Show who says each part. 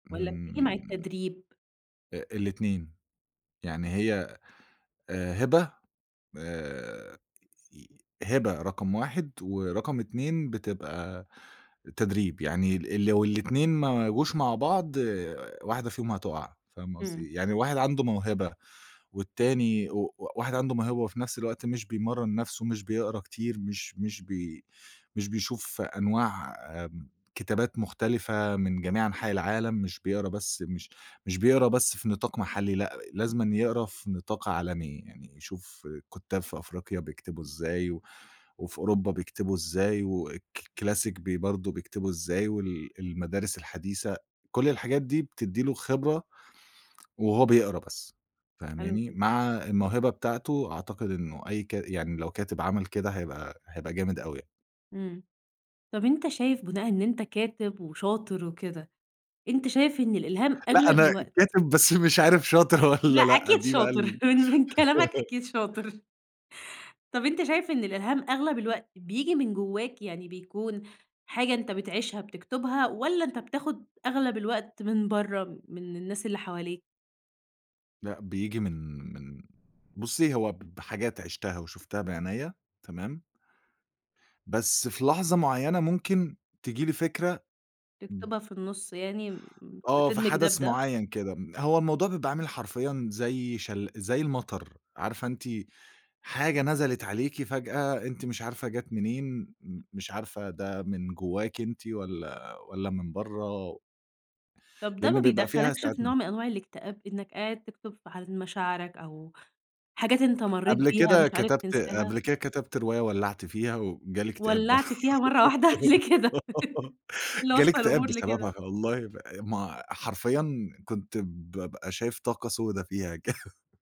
Speaker 1: والّا بتيجي مع
Speaker 2: امم.
Speaker 1: التدريب؟
Speaker 2: أ الاتنين. يعني هي آآ، هبة آآ، هبة رقم 1، ورقم 2 بتبقى تدريب. يعني ال لو الاتنين ما جوش مع بعض واحدة فيهم هتقع، فاهمة قصدي
Speaker 1: إمم.
Speaker 2: إيه؟ يعني واحد عنده موهبة، والتاني و واحد عنده موهبة وفي نَفْس الوقت مش بيمرن نَفسه، مش بيقرا كتير، مش مش بي مش بيشوف أنواع آمم، كتابات مختلفة من جميع أنحاء العالم، مش بيقرا بس مش مش بيقرا بس في نطاق محلّي، لأ، لازمًا يقرا في نطاق عالمي، يعني يشوف كُتّاب في أفريقيا بيكتبوا إزاي، وفي أوروبا بيكتبوا إزاي، وC Classic بي برضو بيكتبوا إزاي، وال المدارس الحديثة، كُلّ الحاجات دي بِتِدي له خبرة وهو بيقرا بس،
Speaker 1: حلو
Speaker 2: فاهماني،
Speaker 1: كده.
Speaker 2: مع الموهبة بتاعته، أعتقد إنه أي ك يعني لو كاتب عمل كده هيبقى، هيبقى جامد أوي.
Speaker 1: إمم، طَب أنت شايف بُناءً إن أنت كاتب وشاطر وكده، أنت شايف إن الإلهام
Speaker 2: لأ،
Speaker 1: أغلب
Speaker 2: أنا
Speaker 1: الوقت
Speaker 2: كاتب بس مش عارف شاطر والّا
Speaker 1: لأ،
Speaker 2: لأ،
Speaker 1: أكيد
Speaker 2: دي بقى
Speaker 1: شاطر
Speaker 2: ال
Speaker 1: من من كلامك أكيد شاطر. طَب أنت شايف إن الإلهام أغلب الوقت بييجي من جواك، يعني بيكون حاجة أنت بتعيشها بتكتبها، والّا أنت بتاخد أغلب الوقت من بَرّه من الناس اللي حواليك؟
Speaker 2: لأ، بييجي من من بُصّي، هو ب بحاجات عِشتها وشُفتها بعينيّا، تمام؟ بس في لحظة معيّنة ممكن تيجي لي فكرة،
Speaker 1: تكتبها
Speaker 2: [unintelligible]
Speaker 1: في النُص يعني
Speaker 2: آه، في
Speaker 1: بتدمج ده
Speaker 2: حدث
Speaker 1: بده؟
Speaker 2: معيّن كده، م هو الموضوع بيبقى عامل حرفيًا زي شل زي المطر، عارفة أنتِ حاجة نزلت عليكِ فجأة، أنتِ مش عارفة جات منين، م مش عارفة ده من جواكِ أنتِ والّا والّا من بَرّه
Speaker 1: طَب ده ما
Speaker 2: لأن بيبقى فيها
Speaker 1: بيدخّلكش في
Speaker 2: ساعات
Speaker 1: نوع
Speaker 2: م
Speaker 1: من أنواع الاكتئاب إنك قاعد تكتب في حالة مشاعرك، أو حاجات أنت مريت
Speaker 2: قبل
Speaker 1: بيها
Speaker 2: كده
Speaker 1: مش عارف
Speaker 2: كتبت
Speaker 1: تنساها؟
Speaker 2: قبل كده كتبت رواية ولّعت فيها، وجالي اكتئاب بر
Speaker 1: ولّعت فيها مرة واحدة ليه كده؟! إيه اللي
Speaker 2: جالي
Speaker 1: وصّل
Speaker 2: اكتئاب
Speaker 1: الأمور لكده؟
Speaker 2: بسببها والله ف ما حرفيًا كنت بابقى شايف طاقة سودا فيها كده.